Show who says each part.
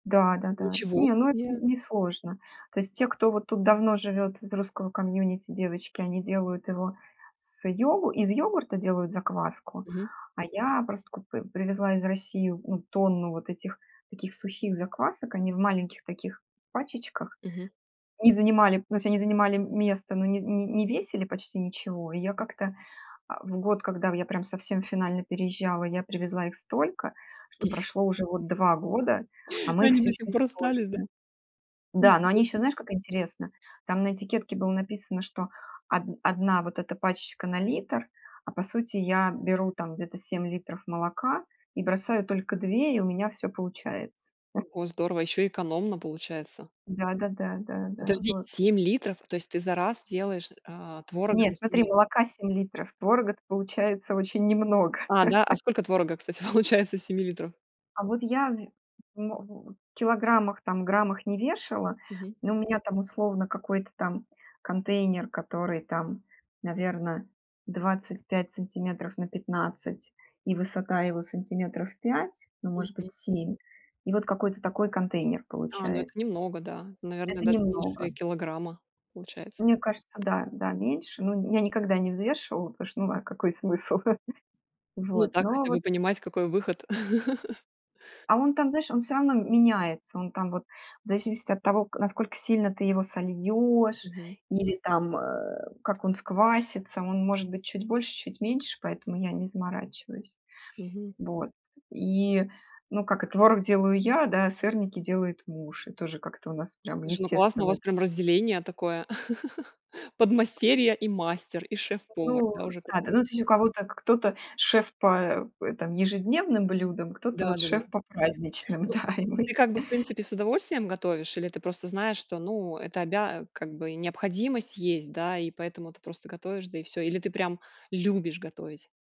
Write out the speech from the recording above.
Speaker 1: Да-да-да.
Speaker 2: Ничего
Speaker 1: Не, ну это
Speaker 2: себе!
Speaker 1: не сложно. То есть те, кто вот тут давно живет из русского комьюнити девочки, они делают его с йогу из йогурта делают закваску,
Speaker 2: Мгм.
Speaker 1: а я просто купи привезла из России ну тонну вот этих таких сухих заквасок. Они в маленьких таких пачечках
Speaker 2: Мгм.
Speaker 1: и занимали, то есть они занимали, место, но не не не весили почти ничего. И я
Speaker 2: М.
Speaker 1: как-то, а, в год, когда я прям совсем финально переезжала, я привезла их столько, что прошло уже вот 2 года, а мы их
Speaker 2: Они
Speaker 1: всё
Speaker 2: до
Speaker 1: еще
Speaker 2: сих пор остались, да?
Speaker 1: используем. Да, но они
Speaker 2: Ничего
Speaker 1: еще,
Speaker 2: се
Speaker 1: знаешь, как интересно, там на этикетке было написано, что од одна вот эта пачечка на литр, а по сути я беру там где-то 7 литров молока и бросаю только 2 и у меня всё получается.
Speaker 2: О, здорово, ещё экономно получается.
Speaker 1: Да да да да да
Speaker 2: Подожди,
Speaker 1: вот.
Speaker 2: 7 литров, то есть ты за раз делаешь, а, творога
Speaker 1: Не,
Speaker 2: на 7
Speaker 1: смотри,
Speaker 2: лит
Speaker 1: молока 7 литров творога-то получается очень немного.
Speaker 2: А, да, а сколько творога, кстати, получается с 7 литров?
Speaker 1: А вот я вь мо в килограммах, там, граммах не вешала,
Speaker 2: Мгм.
Speaker 1: но у меня там, условно, какой-то там контейнер, который там, наверно, 25 сантиметров на 15 и высота его сантиметров 5, ну, может быть,
Speaker 2: Мгм.
Speaker 1: 7, и вот какой-то такой контейнер
Speaker 2: А, ну это
Speaker 1: получается.
Speaker 2: немного, да, наверное,
Speaker 1: Это
Speaker 2: даже меньше
Speaker 1: немного.
Speaker 2: и килограмма получается.
Speaker 1: Мне кажется, да, да, меньше. Ну, я никогда не взвешивала, потому что, ну а какой смысл?
Speaker 2: Ну и
Speaker 1: Вот,
Speaker 2: так
Speaker 1: но а
Speaker 2: хотя
Speaker 1: вот
Speaker 2: бы понимать, какой выход.
Speaker 1: А он там, знаешь, он всё равно, м меняется. Он там, вот, в зависимости от того, к насколько сильно ты его сольешь
Speaker 2: Мгм.
Speaker 1: или, там, э, как он сквасится, он может быть чуть больше, чуть меньше, поэтому я не заморачиваюсь.
Speaker 2: Мгм.
Speaker 1: Вот. И, ну, как и творог делаю я, да, сырники делает муж. И тоже как-то у нас, прям,
Speaker 2: Слушай, ну классно у
Speaker 1: естественно
Speaker 2: вас
Speaker 1: это.
Speaker 2: прям разделение такое. Подмастерье и мастер, и шеф-повар,
Speaker 1: Ну
Speaker 2: да, уже
Speaker 1: да-да,
Speaker 2: который
Speaker 1: ну, то есть у кого-то к кто-то шеф по, э, там, ежедневным блюдам, кто-то, вот,
Speaker 2: Да-да-да.
Speaker 1: шеф по праздничным,
Speaker 2: Ну,
Speaker 1: да и мой
Speaker 2: ты, как бы, в принципе, с удовольствием готовишь или ты просто знаешь, что ну это обя а, как бы и необходимость есть, да, и поэтому ты просто готовишь, да, и всё. Или ты прям любишь готовить?